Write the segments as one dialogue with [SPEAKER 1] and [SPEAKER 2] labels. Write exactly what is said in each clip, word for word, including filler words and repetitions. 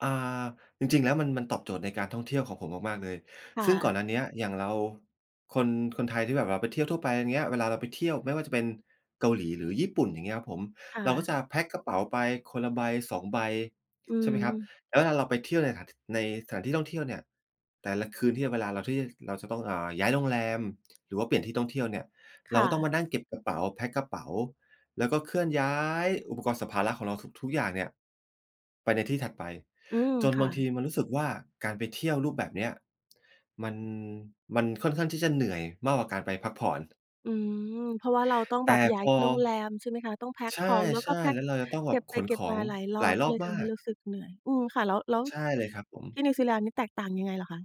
[SPEAKER 1] อ่า จริง ๆ แล้วมัน มันตอบโจทย์ในการท่องเที่ยวของผมมาก ๆ เลย
[SPEAKER 2] ค่
[SPEAKER 1] ซึ่งก
[SPEAKER 2] ะ
[SPEAKER 1] ่อนหน้าเนี้ย อย่างเราคน คนไทยที่แบบว่าไปเที่ยวทั่วไป อย่างเงี้ย เวลาเราไปเที่ยวไม่ว่าจะเป็นเกาหลีหรือญี่ปุ่น อย่างเงี้ยครับผม
[SPEAKER 2] ค่
[SPEAKER 1] เราก็
[SPEAKER 2] ะ
[SPEAKER 1] จะแพ็กกระเป๋าไปคนละใบ สอง ใบ
[SPEAKER 2] อื
[SPEAKER 1] ใช่ไหมครับ
[SPEAKER 2] ม
[SPEAKER 1] แล้วเวลาเราไปเที่ยวในถาน ในสถานที่ท่องเที่ยวเนี่ย แต่ละคืนที่เวลาเรา ที่เราจะต้อง อ่า ย้ายโรงแรม หรือว่าเปลี่ยนที่ท่องเที่ยวเนี่ย
[SPEAKER 2] ค
[SPEAKER 1] เรา
[SPEAKER 2] ่
[SPEAKER 1] ก็ต้อง
[SPEAKER 2] ะ
[SPEAKER 1] มานั่งเก็บกระเป๋า แพ็กกระเป๋า แล้วก็เคลื่อนย้ายอุปกรณ์สัมภาระของเราทุก ๆ อย่างเนี่ย ไปในที่ถัดไป
[SPEAKER 2] อืม
[SPEAKER 1] จน
[SPEAKER 2] ค
[SPEAKER 1] บ
[SPEAKER 2] ่
[SPEAKER 1] า
[SPEAKER 2] ะ
[SPEAKER 1] งทีมันรู้สึกว่า การไปเที่ยวรูปแบบเนี้ย มัน มันค่อนข้างที่จะเหนื่อยมากกว่าการไปพักผ่อน
[SPEAKER 2] อืม เพราะว่าเราต้อง
[SPEAKER 1] แ
[SPEAKER 2] แบ
[SPEAKER 1] ต
[SPEAKER 2] บ
[SPEAKER 1] ่
[SPEAKER 2] ย้า
[SPEAKER 1] พ
[SPEAKER 2] ย
[SPEAKER 1] อ
[SPEAKER 2] โรงแรม ใช่ไหมคะ? ต้องแพ็ก
[SPEAKER 1] ใช
[SPEAKER 2] ของ แล้วก็
[SPEAKER 1] ่
[SPEAKER 2] แพ็
[SPEAKER 1] ๆ แ
[SPEAKER 2] ก
[SPEAKER 1] ล้วเราจะต้องแ
[SPEAKER 2] เ
[SPEAKER 1] บ
[SPEAKER 2] ก็
[SPEAKER 1] บ
[SPEAKER 2] บ
[SPEAKER 1] ข
[SPEAKER 2] ไป
[SPEAKER 1] น
[SPEAKER 2] เก็
[SPEAKER 1] ข
[SPEAKER 2] บ
[SPEAKER 1] อ
[SPEAKER 2] มา
[SPEAKER 1] ง
[SPEAKER 2] หลายรอ
[SPEAKER 1] หลา
[SPEAKER 2] บ
[SPEAKER 1] ย
[SPEAKER 2] ก
[SPEAKER 1] ร
[SPEAKER 2] ็
[SPEAKER 1] อ
[SPEAKER 2] เล
[SPEAKER 1] บ
[SPEAKER 2] ยท
[SPEAKER 1] มา
[SPEAKER 2] ำให้
[SPEAKER 1] ก
[SPEAKER 2] รู้สึกเหนื่อย อืม ค่ะ แล้ว แล้ว
[SPEAKER 1] ใช่เลยครับผ
[SPEAKER 2] ท
[SPEAKER 1] ม
[SPEAKER 2] ี่นิวซีแลนด์นี้แตกต่างยังไงเหรอคะ?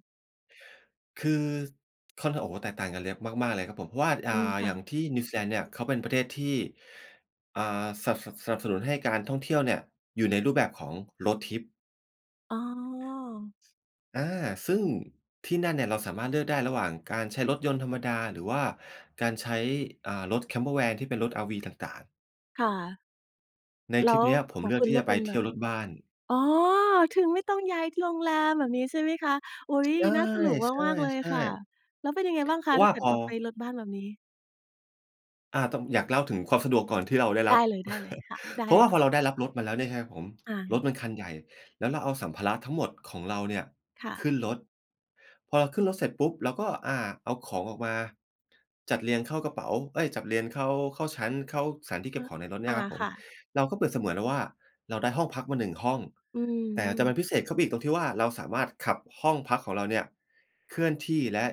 [SPEAKER 1] คือค่อน โอ้โฮ แตกต่างกันเยอะมาก ๆ เลยครับผม เพราะว่า อ่า
[SPEAKER 2] อืม ค่
[SPEAKER 1] อย่าง
[SPEAKER 2] ะ
[SPEAKER 1] ที่นิวซีแลนด์เนี่ย เขาเป็นประเทศที่ อ่า สับ สับ สนับสนุนให้การท่องเที่ยวเนี่ย อยู่ในรูปแบบของ road trip
[SPEAKER 2] อ๋อ
[SPEAKER 1] อา ซึ่งที่นั่นเนี่ยเราสามารถเลือกได้ ระหว่างการใช้รถยนต์ธรรมดา หรือว่าการใช้ อ่า รถ Campervan ที่เป็นรถ RV ต่าง ๆ
[SPEAKER 2] ค่ะ
[SPEAKER 1] ใน
[SPEAKER 2] แล
[SPEAKER 1] ท
[SPEAKER 2] ้
[SPEAKER 1] ริป
[SPEAKER 2] ว
[SPEAKER 1] เนี้ยผ
[SPEAKER 2] ข
[SPEAKER 1] ม
[SPEAKER 2] อ
[SPEAKER 1] เ
[SPEAKER 2] ง
[SPEAKER 1] ลื
[SPEAKER 2] ค
[SPEAKER 1] อก
[SPEAKER 2] ุณ
[SPEAKER 1] ที
[SPEAKER 2] เ
[SPEAKER 1] ่
[SPEAKER 2] ลื
[SPEAKER 1] จ
[SPEAKER 2] อ
[SPEAKER 1] ะ
[SPEAKER 2] ก
[SPEAKER 1] ไ
[SPEAKER 2] เ
[SPEAKER 1] ป
[SPEAKER 2] ป็น
[SPEAKER 1] เ
[SPEAKER 2] แ
[SPEAKER 1] ท
[SPEAKER 2] บ
[SPEAKER 1] ี่
[SPEAKER 2] บ
[SPEAKER 1] ยวรถบ้าน
[SPEAKER 2] อ๋อ ถึงไม่ต้องย้ายโรงแรม แบบนี้ใช่ไหมคะ? อุ๊ย
[SPEAKER 1] ใ
[SPEAKER 2] น่าสนุกมาก ๆ เลย
[SPEAKER 1] ช่
[SPEAKER 2] ค่ะ
[SPEAKER 1] ๆ ๆ
[SPEAKER 2] แล้วเป็นยังไงบ้างคะ?
[SPEAKER 1] เพรา
[SPEAKER 2] ถ
[SPEAKER 1] ะ
[SPEAKER 2] ้
[SPEAKER 1] ว
[SPEAKER 2] า
[SPEAKER 1] ่า
[SPEAKER 2] เกิด
[SPEAKER 1] พอ
[SPEAKER 2] ว่าไปรถบ้านแบบนี้
[SPEAKER 1] อา ต อยากเล่าถึงความสะดวกก่อนที่เราได้
[SPEAKER 2] ไ
[SPEAKER 1] ร
[SPEAKER 2] ด
[SPEAKER 1] ั
[SPEAKER 2] ้
[SPEAKER 1] บ
[SPEAKER 2] เลย ได้เลยค่ะ ได้
[SPEAKER 1] เพรา
[SPEAKER 2] เล
[SPEAKER 1] ะว
[SPEAKER 2] ย
[SPEAKER 1] ่า
[SPEAKER 2] ค
[SPEAKER 1] พ
[SPEAKER 2] ่ะ
[SPEAKER 1] อเราได้รับรถมาแล้วเนี่ยครับผม
[SPEAKER 2] อา
[SPEAKER 1] รถมันคันใหญ่ แล้วเราเอาสัมภาระทั้งหมดของเราเนี่ย
[SPEAKER 2] ค่
[SPEAKER 1] ขึ
[SPEAKER 2] ะ
[SPEAKER 1] ้นรถ พอเราขึ้นรถเสร็จปุ๊บ เราก็ อ่า เอาของออกมา จัดเรียงเข้ากระเป๋า เอ๊ย จัดเรียงเข้า เข้าชั้น เข้าสถานที่เ
[SPEAKER 2] อ
[SPEAKER 1] ก็บ
[SPEAKER 2] ะ
[SPEAKER 1] ของในรถเน
[SPEAKER 2] อ
[SPEAKER 1] ี่
[SPEAKER 2] า
[SPEAKER 1] ยครับผ
[SPEAKER 2] ค
[SPEAKER 1] ม
[SPEAKER 2] ่ะ
[SPEAKER 1] เราก็เปรียบเสมือนแล้วว่า เราได้ห้องพักมา หนึ่ง ห้อง
[SPEAKER 2] อื
[SPEAKER 1] แต่ แต่
[SPEAKER 2] ม
[SPEAKER 1] มั
[SPEAKER 2] ๆ
[SPEAKER 1] นพิเศษเข้าไปอีกตรงที่ว่า เราสามารถขับห้องพักของเราเนี่ยเคลื่อนที่ และ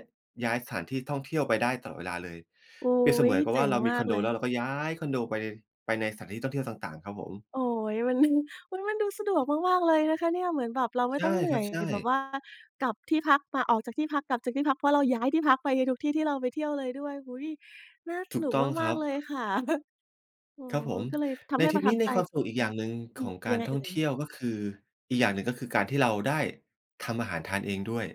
[SPEAKER 1] ย้ายสถานที่ท่องเที่ยวไปได้ตลอดเวลาเลย
[SPEAKER 2] อุ๊
[SPEAKER 1] เปรียบเสม
[SPEAKER 2] ย
[SPEAKER 1] ือนกับ
[SPEAKER 2] เจ
[SPEAKER 1] ว่
[SPEAKER 2] ๋
[SPEAKER 1] า
[SPEAKER 2] ง
[SPEAKER 1] เราม
[SPEAKER 2] ม
[SPEAKER 1] ี
[SPEAKER 2] า
[SPEAKER 1] ค
[SPEAKER 2] ก
[SPEAKER 1] อนโ
[SPEAKER 2] เ
[SPEAKER 1] ด
[SPEAKER 2] ล
[SPEAKER 1] แล
[SPEAKER 2] ย
[SPEAKER 1] ้วเราก็ย้ายคอนโดไป ไปในสถานที่ท่องเที่ยวต่าง ๆ ครับผม
[SPEAKER 2] โอ๊ย มัน อุ๊ย มันดูสะดวกมาก ๆ เลยนะคะเนี่ย เหมือนแบบเราไม่
[SPEAKER 1] ใช่
[SPEAKER 2] ต้องเหนื
[SPEAKER 1] ค
[SPEAKER 2] ่
[SPEAKER 1] ร
[SPEAKER 2] อ
[SPEAKER 1] ับ
[SPEAKER 2] ย
[SPEAKER 1] ใช่
[SPEAKER 2] แบบว่ากลับที่พัก มาออกจากที่พัก กลับจากที่พัก เพราะเราย้ายที่พักไปในทุกที่ที่เราไปเที่ยวเลยด้วย อุ๊ย น่า
[SPEAKER 1] ถ
[SPEAKER 2] ส
[SPEAKER 1] ู
[SPEAKER 2] น
[SPEAKER 1] ก
[SPEAKER 2] ุก
[SPEAKER 1] ต้อง
[SPEAKER 2] ม
[SPEAKER 1] ค
[SPEAKER 2] า
[SPEAKER 1] รั
[SPEAKER 2] ก
[SPEAKER 1] บ
[SPEAKER 2] ๆ เลยค่ะ อ๋อ
[SPEAKER 1] ครับผม
[SPEAKER 2] ก็เลยท
[SPEAKER 1] ใน
[SPEAKER 2] ำให้
[SPEAKER 1] ทร
[SPEAKER 2] ป
[SPEAKER 1] ิ
[SPEAKER 2] ร
[SPEAKER 1] ป
[SPEAKER 2] ะท
[SPEAKER 1] น
[SPEAKER 2] ั
[SPEAKER 1] ี้
[SPEAKER 2] บ
[SPEAKER 1] ม
[SPEAKER 2] ใ
[SPEAKER 1] ี
[SPEAKER 2] จ
[SPEAKER 1] ความสนุกอีกอย่างหนึ่ง
[SPEAKER 2] อื
[SPEAKER 1] ข
[SPEAKER 2] อ
[SPEAKER 1] องก
[SPEAKER 2] ย
[SPEAKER 1] า
[SPEAKER 2] ั
[SPEAKER 1] ร
[SPEAKER 2] งไง
[SPEAKER 1] ท่
[SPEAKER 2] เอ
[SPEAKER 1] อ
[SPEAKER 2] ่
[SPEAKER 1] งเท
[SPEAKER 2] ย?
[SPEAKER 1] ี่ยว ก็คือ อีกอย่างหนึ่ง ก็คือการที่เราได้ทำอาหารทานเองด้วย